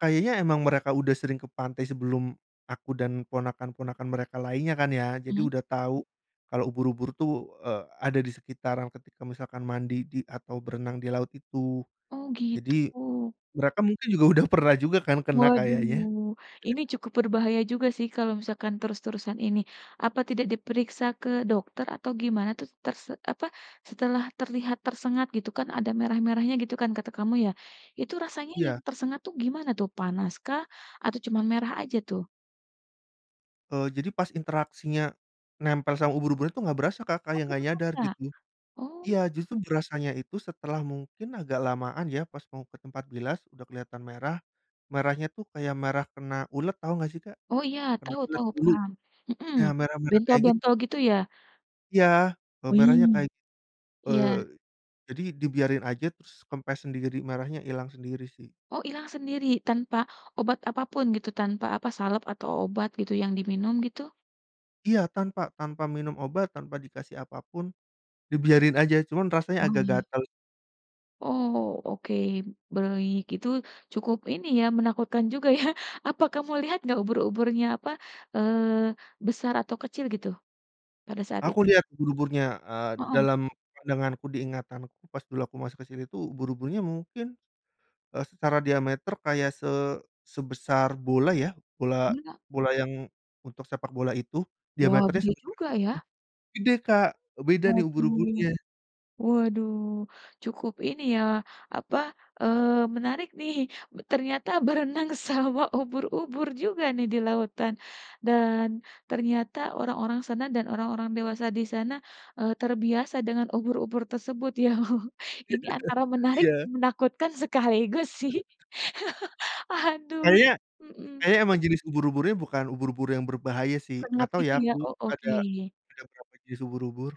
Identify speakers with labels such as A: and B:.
A: Kayaknya emang mereka udah sering ke pantai sebelum aku dan ponakan-ponakan mereka lainnya kan ya. Jadi
B: Hmm.
A: udah tahu kalau ubur-ubur tuh, eee, ada di sekitaran ketika misalkan mandi di atau berenang di laut itu.
B: Oh,
A: Jadi,
B: gitu.
A: mereka mungkin juga udah pernah juga kan, kena kayaknya.
B: Waduh, ini cukup berbahaya juga sih kalau misalkan terus-terusan ini. Apa tidak diperiksa ke dokter atau gimana tuh? Terse apa, setelah terlihat tersengat gitu kan ada merah-merahnya gitu kan kata kamu ya. Itu rasanya yang
A: Iya.
B: tersengat tuh gimana tuh, panas kah atau cuman merah aja tuh?
A: Eee, jadi pas interaksinya nempel sama ubur-uburnya tuh gak berasa, Kak,
B: Oh,
A: kayak
B: gak
A: gak nyadar
B: berasa?
A: gitu.
B: Oh.
A: Iya, justru berasanya itu setelah mungkin agak lamaan ya, pas mau ke tempat bilas udah kelihatan merah. Merahnya tuh kayak merah kena ulet, tau gak sih, Kak?
B: Oh iya,
A: Kena
B: tahu
A: ulet
B: tahu,
A: bulu.
B: paham. Hmm,
A: Nah merah-merah kayak gitu.
B: bentol-bentol gitu ya.
A: Iya, eee,
B: Wih,
A: merahnya kayak
B: iya.
A: eee, jadi dibiarin aja, terus kempes sendiri, merahnya hilang sendiri sih.
B: Oh, hilang sendiri tanpa obat apa pun gitu, tanpa apa, salep atau obat gitu yang diminum gitu?
A: Iya, tanpa tanpa minum obat, tanpa dikasih apa pun, dibiarin aja, cuman rasanya agak
B: Oke.
A: gatal.
B: Oh, oke, baik. Itu cukup ini ya, menakutkan juga ya, apa kamu lihat gak, ubur-uburnya apa, eee, besar atau kecil gitu pada saat
A: Aku
B: itu?
A: lihat ubur-uburnya, eee,
B: Heeh.
A: dalam pandanganku, di ingatanku pas dulu aku masuk ke sini tuh ubur-uburnya mungkin, eee, secara diameter kayak se sebesar bola ya, bola
B: Bola?
A: bola yang untuk sepak bola itu,
B: Wow,
A: diameternya
B: gede
A: sebesar
B: juga
A: itu.
B: ya.
A: Gede, Kak, eee, beda nih
B: Waduh.
A: ubur-uburnya.
B: Waduh, cukup ini ya, apa, eee, menarik nih, b ternyata berenang sama ubur-ubur juga nih di lautan. Dan ternyata orang-orang sana dan orang-orang dewasa di sana, eee, terbiasa dengan ubur-ubur tersebut ya. Ini antara menarik,
A: Iya.
B: menakutkan sekaligus sih, aduh,
A: Kayaknya
B: mmm.
A: kayaknya emang jenis ubur-uburnya bukan ubur-ubur yang berbahaya sih. Gak
B: Sengat
A: tau ya
B: gitu ya.
A: aku,
B: Oh,
A: ada
B: oke.
A: ada berapa jenis ubur-ubur.